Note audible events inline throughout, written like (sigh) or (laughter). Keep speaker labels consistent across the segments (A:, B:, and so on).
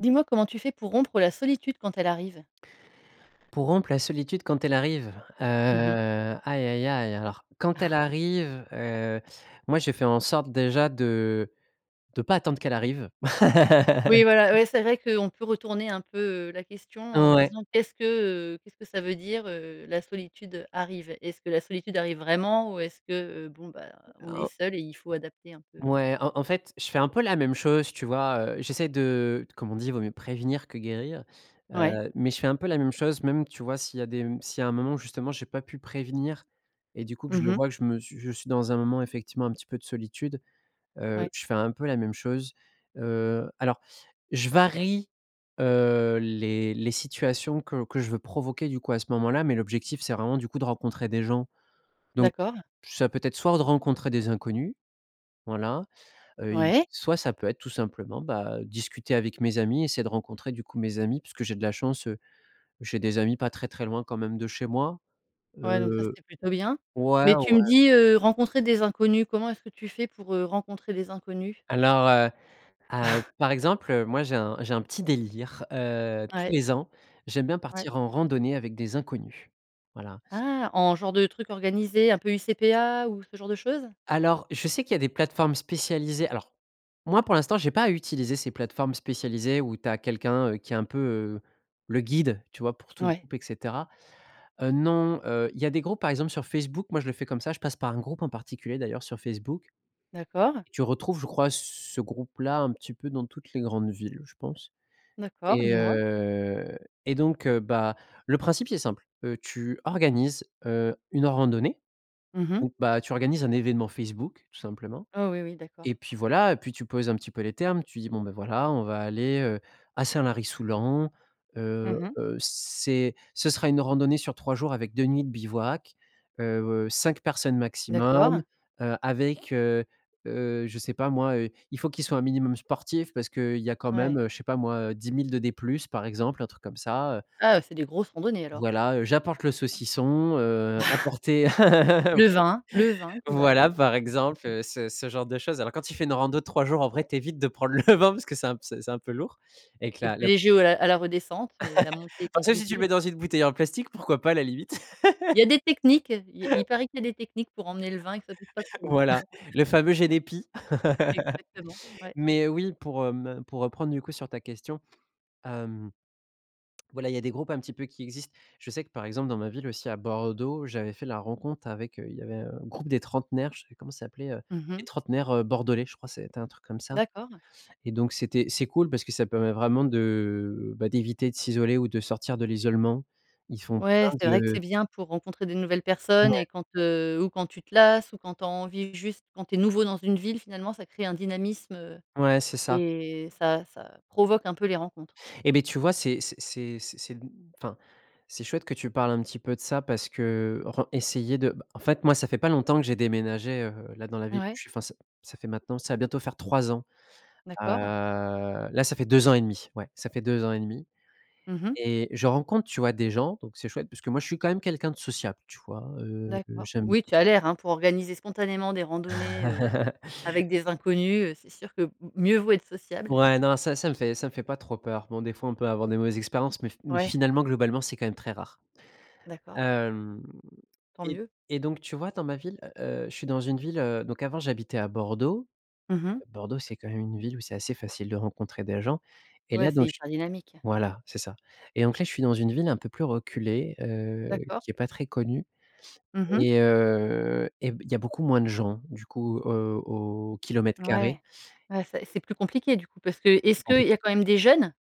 A: Dis-moi comment tu fais pour rompre la solitude quand elle arrive?
B: Pour rompre la solitude quand elle arrive? Heu,
A: Mmh mh.
B: aïe aïe aïe! Alors quand elle
A: (chuckles)
B: arrive, heu, moi, je fais en sorte, déjà, de de pas attendre qu'elle arrive.
A: Oui, voilà.
B: (laughs)
A: Oui, c'est vrai qu'on peut retourner un peu, heu, la question en
B: Ouais.
A: disant: «Qu'est-ce que, heu, qu'est-ce que ça veut dire, heu, la solitude, heu, arrive?». Est-ce que la solitude arrive vraiment? Ou est-ce que, heu, bon, bah, on est
B: En
A: seul et il faut adapter un peu?
B: ouais, en en fait, je fais un peu la même chose, tu vois? Heu, j'essaie de, heu, comme on dit: «Vaut mieux prévenir que guérir»,
A: Ouais.
B: heu, mais je fais un peu la même chose, même, tu vois, s'il y a des m s'il y a un moment où, justement, j'ai pas pu prévenir, et du coup, que je
A: Mmh
B: le
A: mh.
B: vois, je me suis je suis dans un moment, effectivement, un petit peu de solitude, heu,
A: Ouais.
B: je fais un peu la même chose, heu. Alors je varie, heu, les les situations que que je veux provoquer, du coup, à ce moment-là, mais l'objectif, c'est vraiment, du coup, de rencontrer des gens. Donc
A: D'accord.
B: ça peut être soit de rencontrer des inconnus, voilà, heu, il
A: Ouais.
B: soit ça peut être, tout simplement, bah, discuter avec mes amis, essayer de rencontrer, du coup, mes amis parce que j'ai de la chance, heu, j'ai des amis pas très très loin quand même de chez moi.
A: Ouais, donc ça,
B: Heu
A: c'était plutôt bien.
B: ouais,
A: Mais tu me
B: ouais.
A: dis, heu, rencontrer des inconnus. Comment est-ce que tu fais pour, heu, rencontrer des inconnus?
B: Alors, heu heu,
A: (chuckles)
B: par exemple, moi, j'ai un j'ai un petit délire, heu, tous
A: Ouais.
B: les ans, j'aime bien
A: Ouais.
B: partir en randonnée avec des inconnus. Voilà.
A: Ah! En genre de truc organisé un peu UCPA ou ce genre de choses?
B: Alors, je sais qu'il y a des plateformes spécialisées. Alors, moi, pour l'instant, j'ai pas eu à utiliser ces plateformes spécialisées où tu as quelqu'un, heu, qui est un peu, heu, le guide, tu vois, pour tout le
A: Ouais.
B: groupe, et cetera. Heu, non, heu, il y a des groupes, par exemple, sur Facebook, moi, je le fais comme ça, je passe par un groupe en particulier, d'ailleurs, sur Facebook
A: D'accord.
B: tu retrouves, je crois, ce groupe-là, un petit peu dans toutes les grandes villes, je pense.
A: D'accord. Dis
B: Et
A: moi.
B: heu, et donc heu, bah, le principe, c'est simple, heu, tu organises, heu, une randonnée
A: Mmh mh.
B: ou bah, tu organises un événement Facebook, tout simplement
A: Oh oui, oui. D'accord.
B: et puis voilà, et puis tu poses un petit peu les termes. Tu dis: «Bon, bah, voilà, on va aller, heu, à Saint-Lary-Soulan. Heu,
A: Mmh mh.
B: heu, c'est ce sera une randonnée sur 3 jours avec 2 nuits de bivouac, heu, heu, 5 personnes maximum,
A: D'accord.
B: heu, avec, heu, heu, je sais pas, moi, heu, il faut qu'ils soient un minimum sportifs parce qu'il y a quand même,
A: Ouais.
B: heu, je sais pas, moi, heu, 10 000 de D plus, par exemple, un truc comme ça, heu
A: Ah, c'est des grosses randonnées, alors.
B: Voilà, heu, j'apporte le
A: Ouais (chuckles)
B: saucisson. Heu, apportez (laughs)
A: le vin, le vin qui va
B: voilà,
A: avec.
B: par exemple,
A: (chuckles)
B: heu, ce ce genre de choses. Alors quand tu fais une rando de 3 jours, en vrai, tu évites de prendre le vin, parce que c'est un p c'est c'est un peu lourd avec
A: C'est
B: la
A: plus
B: le
A: léger au à la redescente, mais la montée est
B: (laughs) Sauf si tu le
A: compliquée.
B: mets dans une bouteille en plastique, pourquoi pas, à la limite?
A: Il
B: (laughs)
A: y a des techniques. Il il
B: (laughs)
A: paraît qu'il y a des techniques pour emmener le vin et que ça pèse pas
B: (laughs)
A: trop.
B: Voilà! Le
A: (laughs)
B: fameux génépi.
A: Exactement.
B: (laughs)
A: Ouais.
B: Mais oui, pour, hem, pour reprendre, du coup, sur ta question, hem voilà il y a des groupes, un petit peu, qui existent. Je sais que, par exemple, dans ma ville, aussi à Bordeaux, j'avais fait la rencontre avec, heu, il y avait un groupe des trentenaires, je sais plus comment ça s'appelait, heu,
A: Mmh
B: les
A: mh.
B: trentenaires, heu, bordelais, je crois, c'était un truc comme ça,
A: D'accord.
B: et donc c'était c'est cool parce que ça permet vraiment de, bah, d'éviter de s'isoler ou de sortir de l'isolement. Ils font plein
A: Ouais, c'est vrai que
B: de
A: c'est bien pour rencontrer des nouvelles personnes
B: Ouais.
A: et quand, heu, ou quand tu te lasses ou quand tu as envie juste, quand tu es nouveau dans une ville, finalement ça crée un dynamisme, heu,
B: Ouais, c'est ca.
A: et ça ça provoque un peu les rencontres.
B: Et beh, tu vois, c'est c c'est c c'est mmh, enfin, c'est chouette que tu parles un petit peu de ça parce que, heu, ren essayer de bah, en fait, moi, ça fait pas longtemps que j'ai déménagé, heu, là, dans la ville où
A: Ouais.
B: je suis. Enfin, ça ça fait maintenant ça va bientôt faire 3 ans. Heu,
A: D'accord.
B: là, ça fait 2 ans et 1/2. Ouais, ça fait 2 ans et 1/2
A: Mmh mh.
B: et je rencontre, tu vois, des gens, donc c'est chouette parce que moi, je suis quand même quelqu'un de sociable, tu vois heu,
A: D'accord.
B: j'aime
A: Oui, tu as l'air, hein. Pour organiser spontanément des randonnées, heu,
B: (chuckles)
A: avec des inconnus, heu, c'est sûr que m mieux vaut être sociable.
B: Ouais, non, ça, ça me fait ça me fait pas trop peur. Bon, des fois, on peut avoir des mauvaises expériences, mais f mais
A: Ouais.
B: finalement, globalement, c'est quand même très rare.
A: D'accord.
B: Hem,
A: Tant
B: et
A: mieux.
B: et donc tu vois, dans ma ville, heu, heu, je suis dans une ville, heu, donc avant, j'habitais à Bordeaux.
A: Mmh mh.
B: Bordeaux, c'est quand même une ville où c'est assez facile de rencontrer des gens et
A: Ouais,
B: là donc
A: c'est
B: j
A: hyper dynamique.
B: voilà, c'est ça, et donc, là, je suis dans une ville un peu plus reculée, heu,
A: D'accord.
B: qui est pas très connue
A: Mmh mh.
B: et heu, et b il y a beaucoup moins de gens, du coup, heu, au au kilomètre carré.
A: Ouais, ouais, ça et c'est plus compliqué, du coup, parce que
B: C'est plus
A: est-ce qu'il y a
B: compliqué.
A: quand même des jeunes?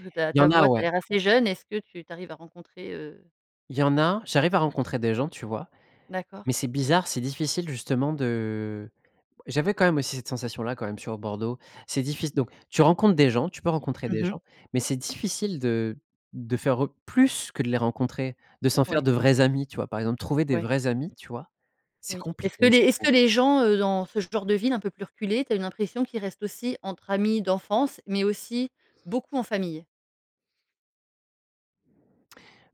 A: Heu, ta
B: Il y
A: ta
B: en a,
A: voix, tu as
B: ouais.
A: l'air assez jeune. Est-ce que tu tu arrives à rencontrer heu
B: Il y en a. J'arrive à rencontrer des gens, tu vois?
A: D'accord.
B: Mais c'est bizarre, c'est difficile justement de j'avais quand même, aussi, cette sensation-là, quand même, sur Bordeaux, c'est diffic donc tu rencontres des gens, tu peux rencontrer
A: Mmh
B: des
A: mh.
B: gens, mais c'est difficile de de faire re plus que de les rencontrer, de s'en faire
A: Ouais.
B: de vrais amis, tu vois, par exemple, trouver des
A: Ouais.
B: vrais amis, tu vois? C'est
A: Oui,
B: compliqué,
A: est-ce que les
B: je
A: est-ce
B: trouve.
A: que les gens, heu, dans ce genre de ville un peu plus reculée, tu as une impression qu'ils restent aussi entre amis d'enfance, mais aussi, beaucoup en famille?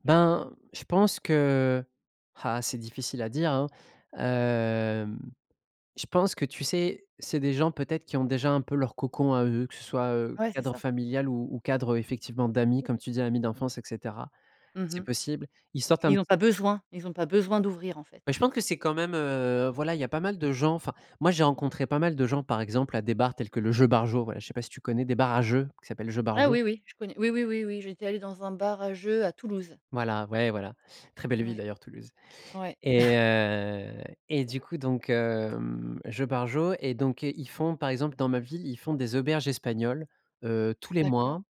B: Ben, je pense que, heu ah c'est difficile à dire, hein. Hem, je pense que tu sais, c'est des gens peut-être qui ont déjà un peu leur cocon à eux, que ce soit, heu,
A: Ouais, c'est
B: cadre
A: ça.
B: familial ou ou cadre, effectivement, d'amis, comme tu dis, amis d'enfance, et cetera.
A: Mmh
B: C'est
A: mh.
B: possible. Ils sortent un
A: Ils
B: petit
A: ont pas besoin, ils ont pas besoin d'ouvrir, en
B: Bah,
A: fait.
B: je pense que c'est quand même, heu voilà, il y a pas mal de gens. Enfin, moi, j'ai rencontré pas mal de gens, par exemple, à des bars tels que le Jeux Barjo. Voilà, je sais pas si tu connais des bars à jeux qui s'appellent Jeux
A: Ah
B: Barjo?
A: oui, oui, je connais. Oui, oui, oui, oui, j'étais allée dans un bar à jeux à Toulouse.
B: Voilà. Ouais, voilà, très belle ville
A: Ouais.
B: d'ailleurs, Toulouse.
A: Ouais.
B: Et,
A: (chuckles)
B: heu, et du coup, donc, hem, Jeux Barjo et donc heu, ils font, par exemple, dans ma ville, ils font des auberges espagnoles, heu, tous les
A: D'accord.
B: mois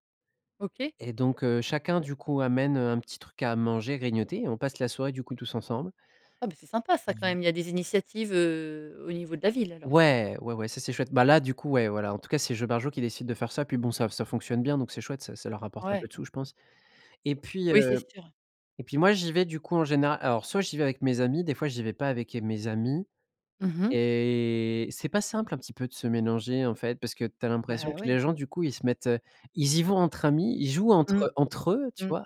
A: OK.
B: et donc heu, chacun, du coup, amène, heu, un petit truc à manger, grignoter et on passe la soirée, du coup, tous ensemble.
A: Ah, bah, c'est sympa
B: Mmh
A: ça, quand
B: mh.
A: même. Il y a des initiatives, heu, au niveau de la ville, alors.
B: Ouais. Ouais, ouais, ça, c'est chouette. Bah, là, du coup, ouais, voilà, en tout cas, c'est Jeux Barjo qui décide de faire ça. Puis, bon, ça ça fonctionne bien donc c'est chouette. Ça ça leur rapporte un peu
A: Ouais.
B: de sous, je pense. Et puis,
A: Oui, c'est
B: heu,
A: sûr.
B: et puis moi, j'y vais, du coup, en général, alors, soit j'y vais avec mes amis, des fois j'y vais pas avec mes amis
A: Mmh mh.
B: et c'est pas simple un petit peu de se mélanger, en fait, parce que tu as l'impression
A: Bah,
B: que les
A: ouais.
B: gens, du coup, ils se mettent ils y vont entre amis, ils jouent
A: Mmh,
B: entre entre eux, tu
A: mmh.
B: vois,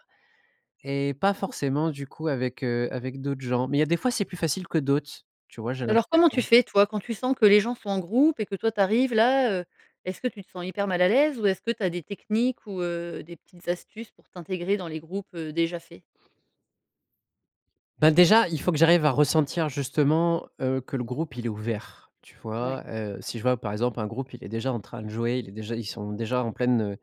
B: et pas forcément, du coup, avec, heu, avec d'autres gens. Mais il y a des fois, c'est plus facile que d'autres, tu vois, j'ai
A: Alors, comment tu
B: l'impression.
A: fais, toi, quand tu sens que les gens sont en groupe et que toi, tu arrives là, heu? Est-ce que tu te sens hyper mal à l'aise? Ou est-ce que tu as des techniques ou heu, des petites astuces pour t'intégrer dans les groupes, heu, déjà faits?
B: Ben, déjà, il faut que j'arrive à ressentir justement, heu, que le groupe, il est ouvert, tu
A: Ouais.
B: vois? Heu, si je vois, par exemple, un groupe, il est déjà en train de jouer, il est déjà ils sont déjà en pleine, heu,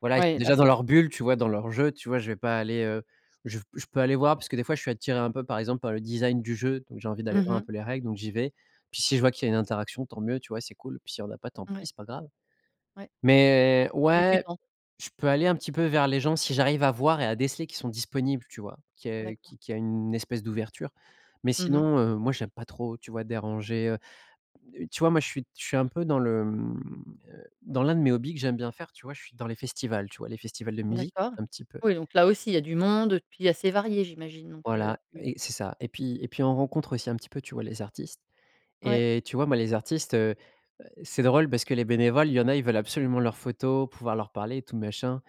B: voilà, ils sont
A: Ouais. Là,
B: déjà dans
A: c'est trop
B: leur
A: tard.
B: bulle, tu vois, dans leur jeu, tu vois, je vais pas aller, heu je je peux aller voir parce que, des fois, je suis attiré un peu, par exemple, par le design du jeu. Donc j'ai envie d'aller
A: Mmh
B: voir un
A: mh.
B: peu les règles, donc j'y vais. Puis, si je vois qu'il y a une interaction, tant mieux. Tu vois? C'est cool. Puis s'il y en a pas, tant pis,
A: Ouais.
B: c'est pas grave.
A: Ouais.
B: Mais
A: Et tu
B: ouais,
A: t'en
B: je peux aller un petit peu vers les gens si j'arrive à voir et à déceler qu'ils sont disponibles, tu vois? Qu'il y a,
A: D'accord.
B: qu qu'il y a une espèce d'ouverture. Mais
A: Mmh mh.
B: sinon, heu, moi, j'aime pas trop, tu vois, déranger heu. Heu, tu vois, moi je suis je suis un peu dans le, mmh, heu, dans l'un de mes hobbies que j'aime bien faire, tu vois, je suis dans les festivals, tu vois? Les festivals de musique,
A: D'accord.
B: un petit peu
A: Oui, donc là aussi, il y a du monde puis assez varié, j'imagine. Donc heu,
B: Voilà
A: tu
B: et c'est ça, et puis et puis, on rencontre aussi un petit peu, tu vois, les artistes
A: Ouais.
B: et tu vois, moi, les artistes, heu, c'est drôle parce que les bénévoles, il y en a, ils veulent absolument leurs photos, pouvoir leur parler, et tout machin.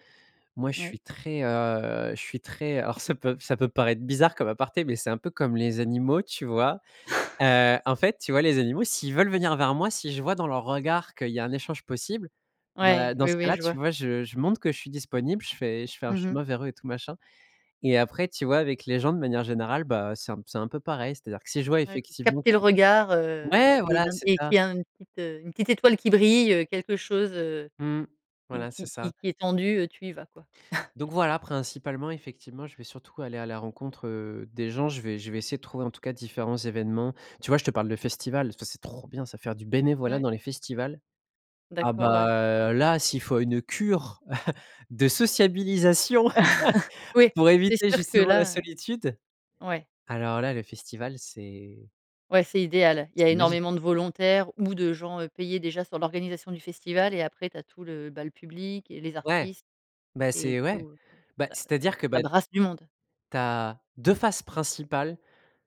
B: Moi, je
A: Ouais.
B: suis très, heu, je suis très alors ça peut ça peut paraître bizarre comme aparté, mais c'est un peu comme les animaux, tu vois?
A: (scoffs)
B: Heu, en fait, tu vois, les animaux, s'ils veulent venir vers moi, si je vois dans leur regard qu'il y a un échange possible, bah,
A: Ouais.
B: dans
A: Oui,
B: ce
A: oui,
B: cas-là,
A: je
B: tu
A: vois.
B: vois, je je montre que je suis disponible. Je fais je fais un
A: Mmh mh.
B: chemin vers eux et tout machin, et après, tu vois, avec les gens, de manière générale bah, c'est un c'est un peu pareil. C'est-à-dire que si je vois
A: Ouais,
B: effectivement
A: capter le
B: que
A: regard, heu,
B: ouais,
A: et
B: voilà,
A: une
B: c'est
A: et
B: ça.
A: qu'il y a une petite, heu, une petite étoile qui brille, heu, quelque chose, heu,
B: Mmh.
A: qui
B: Voilà, c'est
A: qui
B: ça.
A: qui est tendu, heu, tu y vas, quoi. (chuckles)
B: Donc, voilà, principalement, effectivement, je vais surtout aller à la rencontre, heu, des gens. Je vais je vais essayer de trouver, en tout cas, différents événements. Tu vois, je te parle de festivals, parce que c'est trop bien, ça, faire du bénévolat
A: Ouais.
B: dans les festivals. Ah,
A: D'accord, ouais. C'est ça.
B: bah, là, s'il faut une cure (laughs) de sociabilisation
A: (chuckles) Oui,
B: (laughs) pour
A: c'est
B: éviter,
A: sûr que
B: justement, la
A: là,
B: solitude.
A: heu, ouais.
B: Alors, là, le festival c'est
A: Ouais, c'est idéal. Il y a
B: c'est magique.
A: énormément de volontaires ou de gens, heu, payé déjà sur l'organisation du festival et après, tu as tout le, heu, bah, le public et les
B: Ouais,
A: artistes
B: bah,
A: et
B: c'est ouais.
A: tout.
B: Bah,
A: Ça ça
B: c'est-à-dire que,
A: ça
B: bah
A: brasse du monde.
B: tu as 2 faces principales.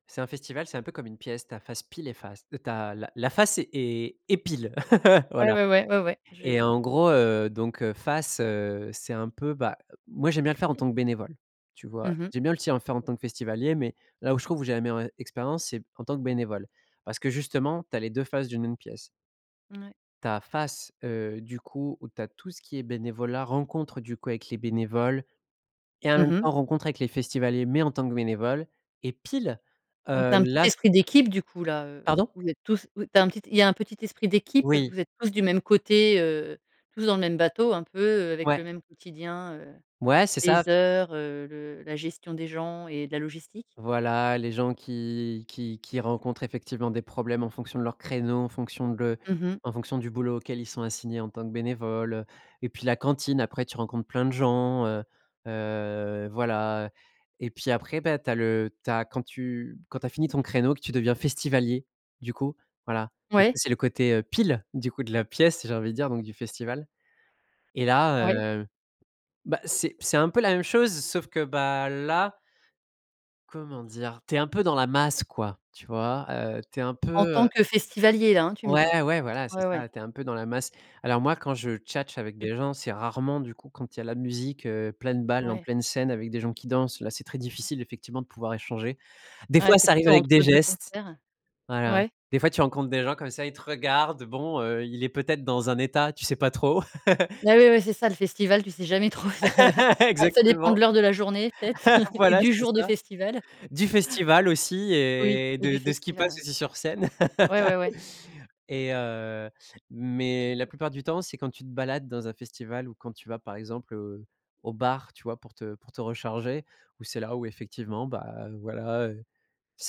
B: c'est un festival, c'est un peu comme une pièce, ta face pile et face. Heu, tu as la la face et et pile, (laughs)
A: Ouais,
B: voilà.
A: ouais, ouais. Ouais, ouais. J'ai
B: Et
A: heu
B: en gros, heu, donc heu, face, heu, c'est un peu, bah, moi, j'aime bien le faire en tant que bénévole, tu vois?
A: Mmh mh.
B: J'aime bien aussi le faire en tant que festivalier, mais là où je trouve où j'ai la meilleure e expérience, c'est en tant que bénévole parce que justement, tu as les 2 faces d'une même pièce.
A: Mouais.
B: Tu as face, heu, du coup où tu as tout ce qui est bénévolat, rencontre, du coup avec les bénévoles et en
A: Mmh
B: même
A: mh.
B: temps, rencontre avec les festivaliers, mais en tant que bénévole et pile,
A: Donc tu
B: heu,
A: as un petit
B: là c
A: esprit d'équipe, du coup, là, heu,
B: Pardon?
A: vous êtes tous tu as un il y a un petit esprit d'équipe,
B: Oui.
A: vous êtes tous du même côté, heu, tous dans le même bateau un peu, heu, avec le
B: Ouais.
A: même quotidien, heu,
B: Ouais c'est ça.
A: les heures, heu, le la gestion des gens et de la logistique.
B: Voilà les gens, qui qui qui rencontrent effectivement des problèmes en fonction de leurs créneaux, en fonction de
A: Mmh mh.
B: en fonction du boulot auquel ils sont assignés en tant que bénévole, et puis, la cantine après, tu rencontres plein de gens, heu, heu, voilà et puis après, bah, tu as le tu as quand tu quand tu as fini ton créneau, que tu deviens festivalier, du coup, voilà. Donc
A: Ouais.
B: ça, c'est le côté, heu, pile, du coup, de la pièce, j'ai envie de dire, donc du festival. Et là,
A: Ouais.
B: heu, bah, c'est c'est un peu la même chose sauf que bah, là comment dire? Tu es un peu dans la masse, quoi, tu vois, heu, tu es un
A: En
B: peu,
A: tant
B: heu
A: que festivalier, là, hein, tu me dis.
B: Ouais, ouais, voilà, c'est
A: Ouais, ouais.
B: ça. Tu es un peu dans la masse. Alors moi quand je tchatche avec
A: Tu
B: des gens, c'est rarement, du coup, quand il y a la musique, heu, pleine balle, en
A: Ouais.
B: pleine scène, avec des gens qui dansent. Là, c'est très difficile, effectivement, de pouvoir échanger. Des
A: Ouais,
B: fois,
A: c'est
B: ça arrive
A: plutôt
B: avec des
A: entre 2
B: gestes.
A: concerts.
B: Voilà.
A: Ouais.
B: Des fois, tu rencontres des gens comme ça. Ils te regardent. Bon, heu, il est peut-être dans un état, tu sais pas trop. (laughs)
A: Ah ouais, ouais, ouais, c'est ça, le festival, tu sais jamais trop sur, heu, hein.
B: (laughs)
A: Ah, ça dépend
B: Exactement.
A: de l'heure de la journée peut-être
B: (laughs)
A: (chuckles) et
B: Voilà,
A: du
B: c'est
A: jour du
B: ça.
A: festival. (chuckles)
B: Du festival aussi
A: Oui,
B: et
A: et du
B: de de ce qui
A: festival,
B: passe
A: ouais.
B: aussi sur scène.
A: Ouais, ouais, ouais.
B: (laughs) Et heu, mais la plupart du temps c'est quand tu te balades dans un festival ou quand tu vas, par exemple, heu, au bar, tu vois, pour te pour te recharger, où c'est là où, effectivement, bah, voilà, heu,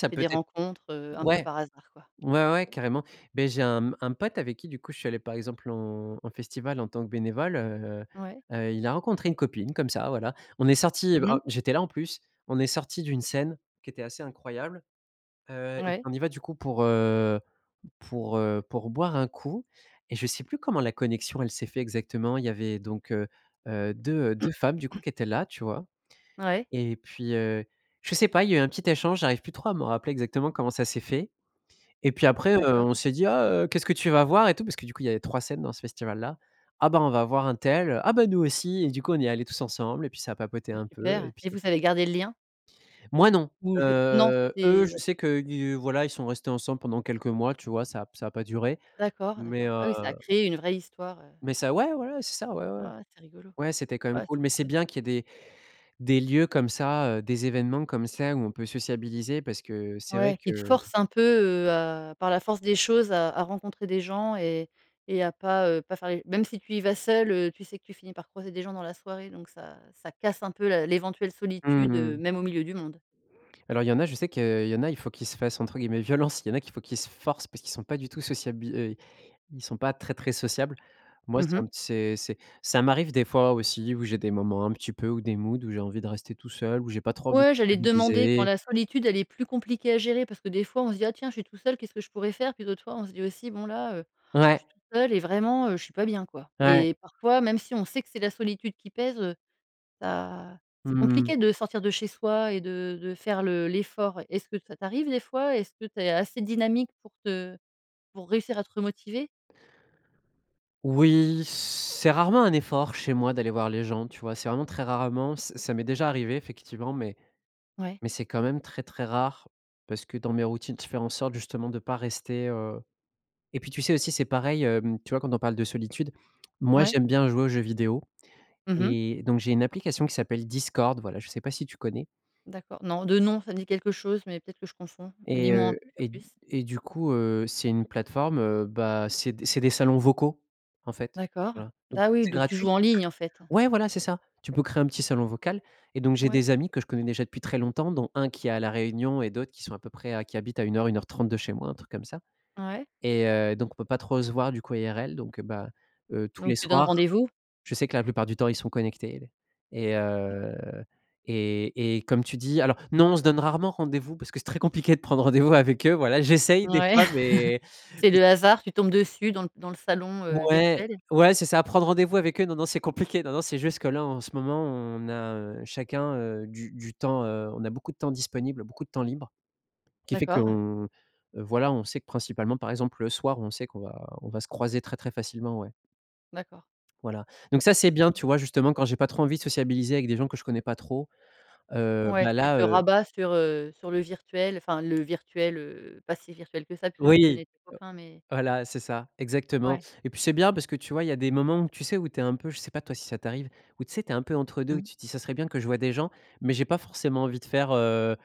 A: Tu fais
B: peut
A: des
B: être
A: rencontres, heu, un peu
B: ouais,
A: par hasard, quoi.
B: ouais, ouais, carrément. Beh, j'ai un, mmh, un pote avec qui, du coup, je suis allé par exemple, en en festival, en tant que bénévole, heu
A: Ouais.
B: heu heu, il a rencontré une copine, comme ça, voilà. On est sortis,
A: Mmh
B: en
A: mh.
B: j'étais là, en plus, on est sortis d'une scène qui était assez incroyable. Heu, et
A: Ouais.
B: on y va, du coup, pour, heu, pour, heu, pour boire un coup, et je sais plus comment la connexion, elle s'est fait exactement. Il y avait donc, heu heu, 2 heu, 2 femmes, du coup,
A: (clears throat)
B: qui étaient là, tu vois,
A: Ouais.
B: et puis, heu, je sais pas. Il y a eu un petit échange, j'arrive plus trop à me rappeler exactement comment ça s'est fait, et puis, après, heu,
A: D'accord.
B: on s'est dit: «Ah heu, qu'est-ce que tu vas voir?» et tout, parce que, du coup, il y avait 3 scènes dans ce festival-là. «Ah, bah on va voir untel», «Ah bah, nous aussi» et du coup, on y est allés tous ensemble, et puis ça a papoté
A: Ah
B: un peu, et
A: super.
B: puis
A: Et vous avez gardé le lien?
B: Moi non,
A: Ou c'est non,
B: heu, eux, je
A: c'était
B: sais qu'ils voilà ils sont restés ensemble pendant quelques mois, tu vois? Ça a p ça a pas duré,
A: D'accord,
B: mais,
A: d'accord.
B: heu
A: Ah oui, ça a créé une vraie histoire, heu.
B: Mais ça, ouais, voilà, c'est ça, ouais, ouais.
A: Oh c'est rigolo.
B: Ouais, c'était quand même
A: Ouais,
B: cool,
A: c'est
B: mais c'est
A: super.
B: bien qu'il y ait des des lieux comme ça, heu, des événements comme ça où on peut sociabiliser parce que c'est vrai
A: Ouais,
B: que
A: qui te forcent un peu, heu, à par la force des choses, à à rencontrer des gens et et à pas, heu, pas faire les même si tu y vas seul, heu, tu sais que tu finis par croiser des gens dans la soirée donc ça ça casse un peu la l'éventuelle
B: Mmh
A: solitude, heu,
B: mh.
A: même au milieu du monde.
B: Alors il y en a, je sais que il y en a, il faut qu'ils se fassent, entre guillemets, violence. Il y en a qu'il faut qu'ils se forcent parce qu'ils sont pas du tout sociabil heu, ils sont pas très très sociables. Moi,
A: Mmh
B: c'est
A: mh.
B: un c'est c'est ça m'arrive des fois aussi, où j'ai des moments un petit peu ou des moods où j'ai envie de rester tout seul, où j'ai pas trop envie de
A: Ouais, j'allais te demander quand
B: sociabiliser
A: la solitude, elle est plus compliquée à gérer parce que, des fois, on se dit: «Ah tiens, je suis tout seul, qu'est-ce que je pourrais faire?», puis d'autres fois, on se dit aussi: «Bon, là, heu, je
B: Ouais.
A: suis tout seul et vraiment, heu, je suis pas bien, quoi».
B: Ouais.
A: Et parfois, même si on sait que c'est la solitude qui pèse, heu, bah, c'est
B: Mmh mh.
A: compliqué de sortir de chez soi et de de faire le l'effort, ouais. Est-ce que ça t'arrive des fois? Est-ce que tu es assez dynamique pour te pour réussir à te remotiver?
B: Oui, c'est rarement un effort chez moi d'aller voir les gens, tu vois? C'est vraiment très rarement. Ça ça m'est déjà arrivé effectivement, mais
A: Ouais.
B: mais c'est quand même très très rare, parce que, dans mes routines, faire en sorte, justement, de pas rester, heu et puis tu sais, aussi, c'est pareil, hem, tu vois, quand on parle de solitude, moi,
A: Ouais.
B: j'aime bien jouer aux jeux vidéo
A: Mmh mh.
B: et donc j'ai une application qui s'appelle Discord, voilà, je sais pas si tu connais?
A: D'accord. Non. De nom, ça me dit quelque chose, mais peut-être que je confonds. Dis
B: Et,
A: m'en, en
B: heu,
A: tout cas,
B: et d
A: plus.
B: et du coup, heu, c'est une plateforme, heu, bah, c'est d c'est des salons vocaux, en fait.
A: D'accord.
B: Voilà don
A: Bah oui,
B: c'est
A: donc tu
B: gratuit.
A: joues en ligne, en fait, ouais?
B: Ouais, voilà, c'est ça. Tu peux créer un petit salon vocal et donc j'ai
A: Ouais.
B: des amis que je connais déjà depuis très longtemps dont 1 qui est à la Réunion et d'autres qui sont à peu près qui habitent à 1 heure, 1 heure 30 de chez moi, un truc comme ça,
A: Ouais.
B: et heu, donc on peut pas trop se voir, du coup, IRL, donc heu, bah, heu, tous
A: Donc
B: les
A: tu donnes
B: soirs,
A: rendez-vous?
B: je sais que la plupart du temps, ils sont connectés et et heu,
A: D'accord.
B: et et comme tu dis alors non, on se donne rarement rendez-vous parce que c'est très compliqué de prendre rendez-vous avec eux. Voilà, j'essaye des
A: Ouais,
B: fois, mais
A: (chuckles) c'est
B: c
A: le hasard, tu tombes dessus dans dans le salon, heu,
B: Ouais,
A: virtuel.
B: ouais, c'est ça, prendre rendez-vous avec eux, non, non, c'est compliqué. Non, non, c'est juste que là, en ce moment, on a, heu, chacun, heu, du du temps, heu, on a beaucoup de temps disponible, beaucoup de temps libre qui fait
A: D'accord.
B: qu'on, voilà, on sait que principalement, par exemple, le soir, on sait qu'on va on va se croiser très très facilement, ouais.
A: D'accord.
B: Voilà. Donc ça, c'est bien,
A: (unintelligible)
B: tu vois, justement quand j'ai pas trop envie de sociabiliser avec des gens que je connais pas trop, heu,
A: Ouais,
B: bah,
A: tu
B: là,
A: te
B: heu
A: rabats sur, heu, sur le virtuel, enfin, le virtuel, heu, pas si virtuel que ça puisque tu
B: Oui,
A: connais tes copains, mais
B: voilà, c'est ça, exactement,
A: Ouais.
B: et puis, c'est bien parce que tu vois, il y a des moments où tu sais, où tu es un peu, je sais pas, toi, si ça t'arrive, où, tu sais, tu es un peu entre 2.
A: Mmh.
B: Tu te dis: «Ça serait bien que je vois des gens, mais j'ai pas forcément envie de faire, heu,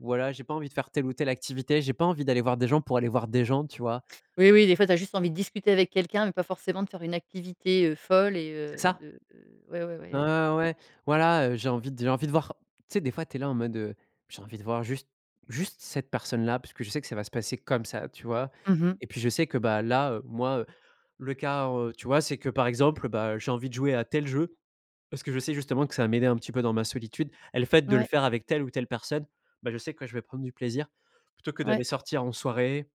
B: voilà, j'ai pas envie de faire telle ou telle activité. J'ai pas envie d'aller voir des gens pour aller voir des gens», tu vois.
A: Oui, oui, des fois, tu as juste envie de discuter avec quelqu'un, mais pas forcément de faire une activité, heu, folle et
B: C'est
A: heu,
B: ça.
A: de ouais, ouais, voilà.
B: Ah
A: Ouais.
B: ouais. Voilà. Heu, j'ai envie j'ai envie de voir, tu sais, des fois, tu es là, en mode heu: «J'ai envie de voir juste juste cette personne-là» parce que je sais que ça va se passer comme ça, tu vois,
A: Mmh mh.
B: et puis, je sais que bah, là, heu, moi, heu, le cas, heu, tu vois, c'est que, par exemple, heu, bah, j'ai envie de jouer à tel jeu parce que je sais, justement, que ça va m'aider un petit peu dans ma solitude et le fait de le
A: Ouais.
B: faire avec telle ou telle personne, bah, je sais que je vais prendre du plaisir plutôt que
A: Ouais.
B: d'aller sortir en soirée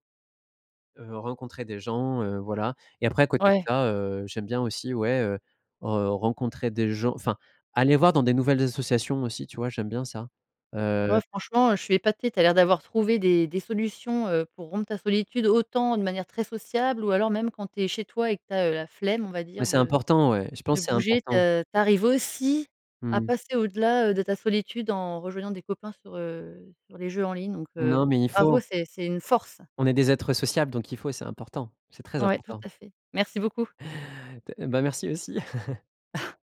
B: heu, rencontrer des gens, heu, voilà, et après, à côté de
A: Ouais.
B: ça, heu, j'aime bien aussi, ouais, heu, heu, rencontrer des gens, enfin aller voir dans des nouvelles associations aussi, tu vois, j'aime bien ça heu
A: Ouais, franchement, heu, je suis épatée. Tu as l'air d'avoir trouvé des des solutions, heu, pour rompre ta solitude, autant de manière très sociable, ou alors, même quand tu es chez toi et que tu as, heu, la flemme, on va
B: Mais
A: dire,
B: c'est
A: de
B: important, ouais. Je
A: de
B: pense, c'est
A: bouger,
B: important.
A: de tu arrives aussi à
B: Mmh.
A: passer au-delà, heu, de la solitude en rejoignant des copains sur, heu, sur les jeux en ligne donc heu,
B: Non mais il
A: bravo.
B: faut.
A: C'est c'est une force.
B: On est des êtres sociables donc il faut. C'est important, c'est très
A: Ouais. Tout
B: important.
A: à fait. Merci beaucoup.
B: T et bah merci aussi. (chuckles)
A: (chuckles)